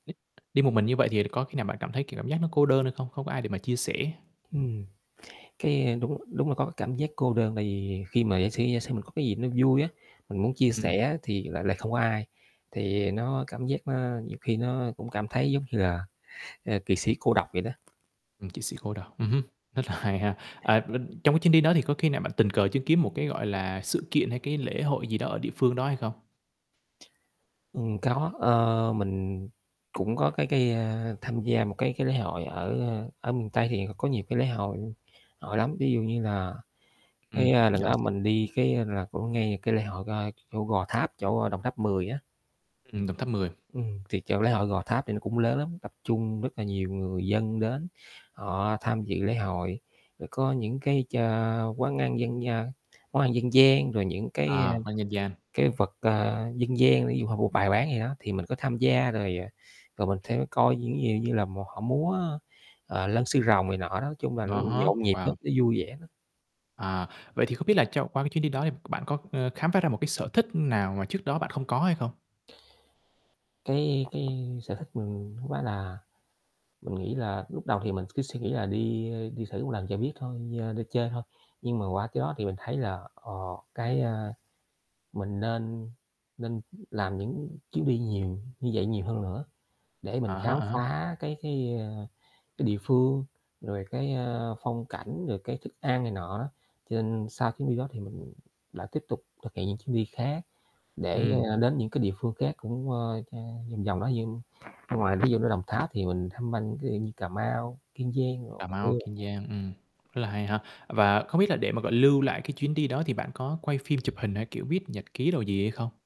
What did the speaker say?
Đi một mình như vậy thì có khi nào bạn cảm thấy, kiểu, cảm giác nó cô đơn hay không? Không có ai để mà chia sẻ. Ừm. Cái đúng đúng là có cái cảm giác cô đơn tại vì khi mà giả sử giả sử mình có cái gì nó vui á, mình muốn chia Ừm. sẻ thì lại lại không có ai, thì nó cảm giác nó nhiều khi nó cũng cảm thấy giống như là, à, kỵ sĩ cô độc vậy đó. Ừm, kỵ sĩ cô độc, Ừm. ừm hứm, rất là hay ha. À, ưm, trong cái chuyến đi đó thì có khi nào bạn tình cờ chứng kiến một cái, gọi là, sự kiện hay cái lễ hội gì đó ở địa phương đó hay không? Ừm, có, ờ, mình cũng có cái cái, a, tham gia một cái cái lễ hội ở ở miền Tây thì có nhiều cái lễ hội họ lắm, ví dụ như là cái, Ừm. a, lần đó [unintelligible] mình đi cái là cũng ngay cái lễ hội, ơ, chỗ Gò Tháp, chỗ Đồng Tháp Mười á. Ừm, Đồng Tháp Mười. Ừm, thì chỗ lễ hội Gò Tháp thì nó cũng lớn lắm, tập trung rất là nhiều người dân đến. Họ tham dự lễ hội, rồi có những cái cho quán ăn dân gian món ăn dân gian, rồi những cái, a, À, có dân gian. cái vật, ơ, dân gian, ví dụ họ mua bày bán gì đó thì mình có tham gia rồi, à, rồi mình theo cái coi những gì như là một họ múa, ơ, ờ, lân sư rồng này nọ đó. Nói chung là nó À há, nhộn nhịp lắm, wow. nó vui vẻ lắm. À. Vậy thì không biết là cho qua cái chuyến đi đó thì bạn có, ờ, khám phá ra một cái sở thích nào mà trước đó bạn không có hay không? Cái cái sở thích mình hông phải là mình nghĩ là lúc đầu thì mình cứ suy nghĩ là đi, ơ, đi thử lần cho biết thôi, ơ, đi chơi thôi. Nhưng mà qua cái đó thì mình thấy là, ờ, cái, a mình nên nên làm những chuyến đi nhiều như vậy nhiều hơn nữa, để mình À há, khám à há. phá cái cái, ơ, cái địa phương, rồi cái, ơ, phong cảnh, rồi cái thức ăn này nọ đó. Cho nên sau chuyến đi đó thì mình đã tiếp tục thực hiện những chuyến đi khác để, Ừm. ơ, đến những cái địa phương khác cũng, ơ, ch vòng vòng đó như ngoài, ví dụ như, Đồng Tháp thì mình tham vanh ví dụ như, Cà Mau, Kiên Giang rồi, Cà Bạc Mau, Liêu này Kiên nọ. Giang, ừm, rất là hay ha. Và không biết là để mà, gọi là, lưu lại cái chuyến đi đó thì bạn có quay phim chụp hình hay, kiểu, viết nhật ký đồ gì hay không?